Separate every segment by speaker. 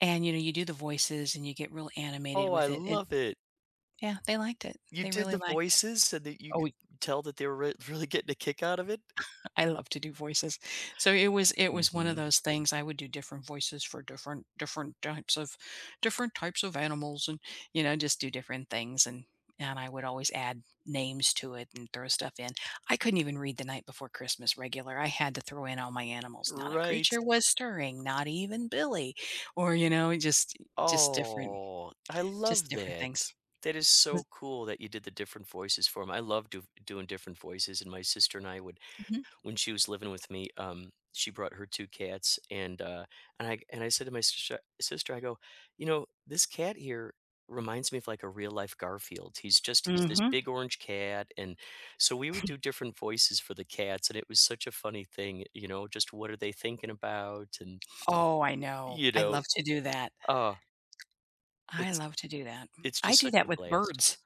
Speaker 1: And, you know, you do the voices, and you get real animated
Speaker 2: Oh, I
Speaker 1: with it, and
Speaker 2: love it.
Speaker 1: Yeah, they liked it.
Speaker 2: You
Speaker 1: They
Speaker 2: did
Speaker 1: really
Speaker 2: the
Speaker 1: liked it.
Speaker 2: voices so that you
Speaker 1: Oh,
Speaker 2: could
Speaker 1: we
Speaker 2: tell that they were re really getting a kick out of it?
Speaker 1: I love to do voices. So, i it was it was one of
Speaker 2: Mhm.
Speaker 1: those things. I would do different voices for different different types of different types of animals and, you know, just do different things, and and I would always add names to it and throw stuff in. I couldn't even read The Night Before Christmas regular. I had to throw in all my animals, "Not a
Speaker 2: Right.
Speaker 1: creature was stirring, not even Billy." or, you know, just i just different
Speaker 2: Oh, I
Speaker 1: just
Speaker 2: love
Speaker 1: different
Speaker 2: that.
Speaker 1: things.
Speaker 2: That is
Speaker 1: [unintelligible]
Speaker 2: so cool that you did the different voices for him. I love do doing different voices, and my sister and I would
Speaker 1: Mhm.
Speaker 2: When she was living with me, um, she brought her 2 cats, and, uh and I and I said to my sister sister, I go, "You know, this cat here reminds me of, like, a real life Garfield." He's just he's this
Speaker 1: Mhm.
Speaker 2: big orange cat, and So, we would do different voices for the cats, and it was such a funny thing, you you know, just what are they thinking about, and
Speaker 1: Oh, I know.
Speaker 2: you
Speaker 1: I
Speaker 2: know
Speaker 1: love to do that.
Speaker 2: uh
Speaker 1: I
Speaker 2: it's
Speaker 1: love to do that.
Speaker 2: it's
Speaker 1: I
Speaker 2: just
Speaker 1: do
Speaker 2: such
Speaker 1: that
Speaker 2: a
Speaker 1: with
Speaker 2: blast.
Speaker 1: birds.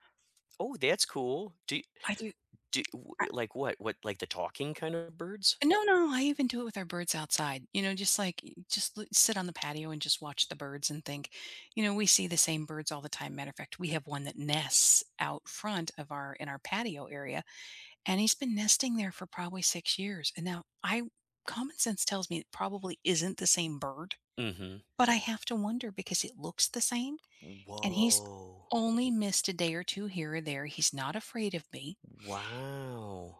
Speaker 2: Oh, that's cool. Do y
Speaker 1: I do
Speaker 2: do y w
Speaker 1: I
Speaker 2: like, what what like, the talking kinda birds?
Speaker 1: No, no, I even do it with our birds outside. You know, just like you just loo sit on the patio and just watch the birds and think. You know, we see the same birds all the time, matter of fact, we have one that nests out front of our in our patio area, and he's been nesting there for probably 6 years, and, now, I w common sense tells me it probably isn't the same bird,
Speaker 2: Mhm.
Speaker 1: but I have to wonder because it looks the same, and he's
Speaker 2: Woah.
Speaker 1: only missed a day or 2 here or there, he's not afraid of me.
Speaker 2: Wow.